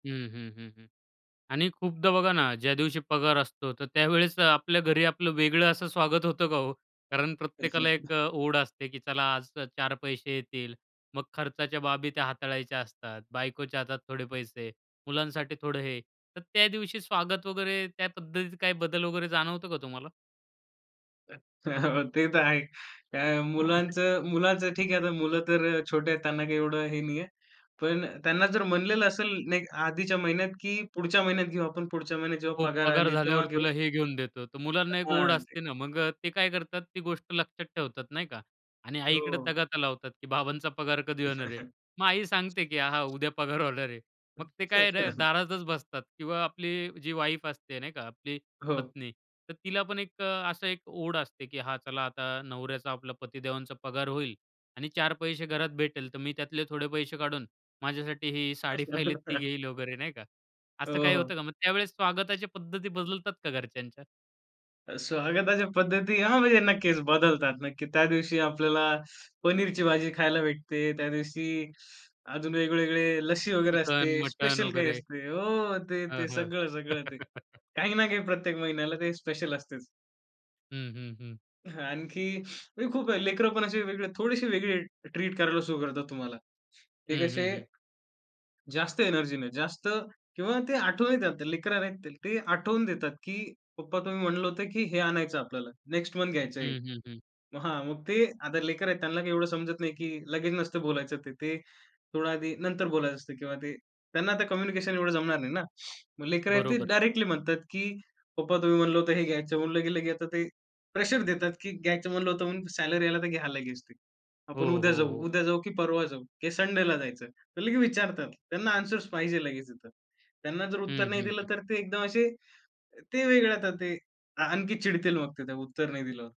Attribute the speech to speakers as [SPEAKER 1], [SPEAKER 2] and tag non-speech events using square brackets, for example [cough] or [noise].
[SPEAKER 1] हं, हं, हं, हं आणि खूपदा बघा ना, ज्या दिवशी पगार असतो तर त्यावेळेस आपल्या घरी आपलं वेगळं असं स्वागत होतं का हो? कारण प्रत्येकाला
[SPEAKER 2] [chuckles]
[SPEAKER 1] एक ओढ असते, की चला, आज 4 पैसे येतील. मग खर्चाच्या बाबी त्या हाताळायच्या असतात. बायकोच्या हातात थोडे पैसे, मुलांसाठी थोडं हे. तर त्या दिवशी स्वागत वगैरे त्या पद्धतीत काही बदल वगैरे जाणवतं का तुम्हाला?
[SPEAKER 2] हो, हो, ते तर आहे. काय
[SPEAKER 1] [chuckles]
[SPEAKER 2] मुलांचं मुलाचं ठीक आहे. आता मुलं तर छोटे आहेत, त्यांना काही एवढं हे नाहीये, पण त्यांना जर म्हणलेलं असेल नाही आधीच्या महिन्यात की पुढच्या महिन्यात घेऊ आपण, पुढच्या महिन्यात जेव्हा
[SPEAKER 1] हो,
[SPEAKER 2] पगार
[SPEAKER 1] पगार
[SPEAKER 2] आली तेव्हा
[SPEAKER 1] झाल्यावर
[SPEAKER 2] घेऊ
[SPEAKER 1] तुला हे घेऊन देतो तर मुलांना एक ओढ
[SPEAKER 2] हां, ते.
[SPEAKER 1] असते ना, मग ते काय करतात, ती गोष्ट लक्षात ठेवतात, नाही का आणि आईकडे
[SPEAKER 2] हो.
[SPEAKER 1] तगाता लावतात की बाबांचा पगार कधी होणार आहे?
[SPEAKER 2] [chuckles]
[SPEAKER 1] मग आई सांगते की हा, हा, उद्या पगार होणार आहे. मग ते काय र
[SPEAKER 2] [chuckles]
[SPEAKER 1] दारातच बसतात किंवा आपली जी वाईफ असते, नाही का, आपली
[SPEAKER 2] हो.
[SPEAKER 1] पत्नी तर तिला पण एक असं एक ओढ असते की हा चला आता नवऱ्याचा, आपला पतीदेवांचा पगार होईल आणि 4 पैसे घरात भेटेल तर मी त्यातले थोडे पैसे काढून माझ्यासाठी ही साडी पहिली ती
[SPEAKER 2] [chuckles]
[SPEAKER 1] घेईल वगैरे, नाही का. असं
[SPEAKER 2] हो,
[SPEAKER 1] काही होत
[SPEAKER 2] हो.
[SPEAKER 1] का? मग त्यावेळेस स्वागताच्या पद्धती बदलतात का घरच्यांच्या?
[SPEAKER 2] स्वागताच्या पद्धती हां, म्हणजे नक्कीच बदलतात. नक्की त्या दिवशी आपल्याला पनीरची भाजी खायला भेटते, त्या दिवशी अजून वेगवेगळे लस्सी वगैरे
[SPEAKER 1] चिकन,
[SPEAKER 2] असते,
[SPEAKER 1] मटण
[SPEAKER 2] स्पेशल काही
[SPEAKER 1] वगैरे.
[SPEAKER 2] असते हो, ते,
[SPEAKER 1] हं,
[SPEAKER 2] ते
[SPEAKER 1] हं.
[SPEAKER 2] सगळं, सगळं ते.
[SPEAKER 1] [chuckles]
[SPEAKER 2] काही ना काही प्रत्येक महिन्याला ते स्पेशल असतेच.
[SPEAKER 1] हं, हं, हं.
[SPEAKER 2] हां, आणखी म्हणजे खूप आहे, लेकरं पण असे वेगळे थोडेसे वेगळे ट्रीट करायला सुरु करतात तुम्हाला. ते
[SPEAKER 1] हं,
[SPEAKER 2] कसे
[SPEAKER 1] हं, हं.
[SPEAKER 2] जास्त एनर्जी ने, जास्त किंवा ते आठवून लेकरं आहेत, ते आठवून देतात की "पप्पा तुम्ही म्हणलं होतं की हे आणायचं आपल्याला. नेक्स्ट मंथ घ्यायचं आहे."
[SPEAKER 1] हं, हं, हं.
[SPEAKER 2] मग हां, मग ते आता लेकर आहेत त्यांना काही एवढं समजत नाही की लगेच नसतं बोलायचं ते. ते थोडं आधी नंतर बोलायचं असतं किंवा ते त्यांना आता कम्युनिकेशन एवढं जमणार नाही ना. मग लेकरं आहेत ते
[SPEAKER 1] बरोबर.
[SPEAKER 2] डायरेक्टली म्हणतात की "पप्पा, तुम्ही म्हणलं होतं हे घ्यायचं." म्हणलं गेल की आता ते प्रेशर देतात की घ्यायचं म्हणलं होतं म्हणून सॅलरी आला तर घ्या लगेच ते.
[SPEAKER 1] हो,
[SPEAKER 2] आपण उद्या
[SPEAKER 1] हो,
[SPEAKER 2] जाऊ,
[SPEAKER 1] हो.
[SPEAKER 2] उद्या जाऊ की परवा जाऊ? किंवा संडेला जायचं? तर लगेच विचारतात. त्यांना ॲन्सर्स पाहिजे लगेच तिथं. त्यांना जर उत्तर
[SPEAKER 1] हं,
[SPEAKER 2] नाही
[SPEAKER 1] हं,
[SPEAKER 2] दिलं
[SPEAKER 1] हं.
[SPEAKER 2] तर ते एकदम असे ते वेगळं आता ते आणखी चिडतील मग ते त्या उत्तर नाही दिल्यावर.